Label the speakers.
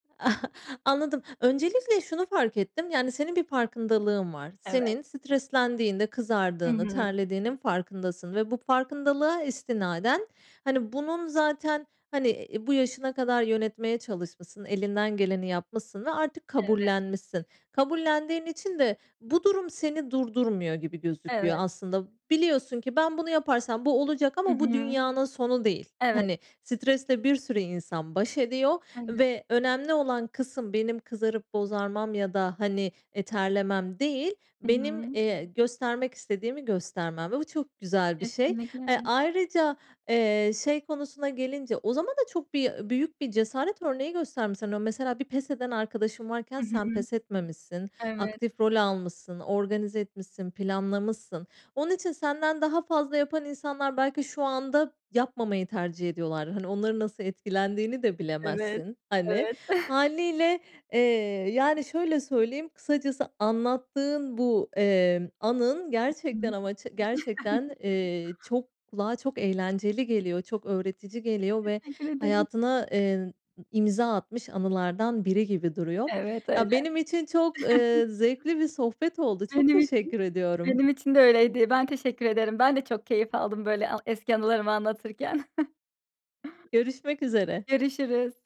Speaker 1: Anladım. Öncelikle şunu fark ettim yani senin bir farkındalığın var.
Speaker 2: Evet.
Speaker 1: Senin streslendiğinde
Speaker 2: Hı
Speaker 1: kızardığını
Speaker 2: hı.
Speaker 1: terlediğinin farkındasın ve bu farkındalığa istinaden hani bunun zaten hani, iii, bu yaşına kadar yönetmeye çalışmışsın, elinden geleni yapmışsın ve artık
Speaker 2: Evet.
Speaker 1: kabullenmişsin. Kabullendiğin için de bu durum seni durdurmuyor gibi gözüküyor
Speaker 2: Evet.
Speaker 1: aslında. Biliyorsun ki ben bunu yaparsam bu olacak
Speaker 2: Hı
Speaker 1: ama bu
Speaker 2: hı.
Speaker 1: dünyanın sonu değil.
Speaker 2: Evet.
Speaker 1: Hani stresle bir sürü insan baş ediyor
Speaker 2: Evet.
Speaker 1: ve önemli olan kısım benim kızarıp bozarmam ya da hani, e, terlemem değil,
Speaker 2: Hı
Speaker 1: benim,
Speaker 2: hı.
Speaker 1: eee, göstermek istediğimi göstermem ve bu çok güzel bir şey.
Speaker 2: Kesinlikle
Speaker 1: Eee,
Speaker 2: [unintelligible]
Speaker 1: ayrıca, eee, şey konusuna gelince o zaman da çok bir büyük bir cesaret örneği göstermişsin, o mesela bir pes eden arkadaşın varken
Speaker 2: Hı hı.
Speaker 1: sen pes etmemişsin,
Speaker 2: Evet.
Speaker 1: aktif rol almışsın, organize etmişsin, planlamışsın. Onun için senden daha fazla yapan insanlar belki şu anda yapmamayı tercih ediyorlar. Hani onların nasıl etkilendiğini de
Speaker 2: Evet.
Speaker 1: bilemezsin. Hani
Speaker 2: Evet.
Speaker 1: hâliyle, eee, yani şöyle söyleyeyim, kısacası anlattığın bu, eee, anın
Speaker 2: Hı
Speaker 1: gerçekten
Speaker 2: hı.
Speaker 1: ama ç gerçekten, eee, çok kulağa çok eğlenceli geliyor, çok öğretici geliyor ve
Speaker 2: Teşekkür ederim.
Speaker 1: hayatına, eee, n imza atmış anılardan biri gibi duruyor.
Speaker 2: Evet, öyle.
Speaker 1: Ya, benim için çok, ııı, zevkli bir sohbet oldu. Çok
Speaker 2: Benim için
Speaker 1: teşekkür ediyorum.
Speaker 2: benim için de öyleydi. Ben teşekkür ederim. Ben de çok keyif aldım böyle a eski anılarımı anlatırken.
Speaker 1: Görüşmek üzere.
Speaker 2: Görüşürüz.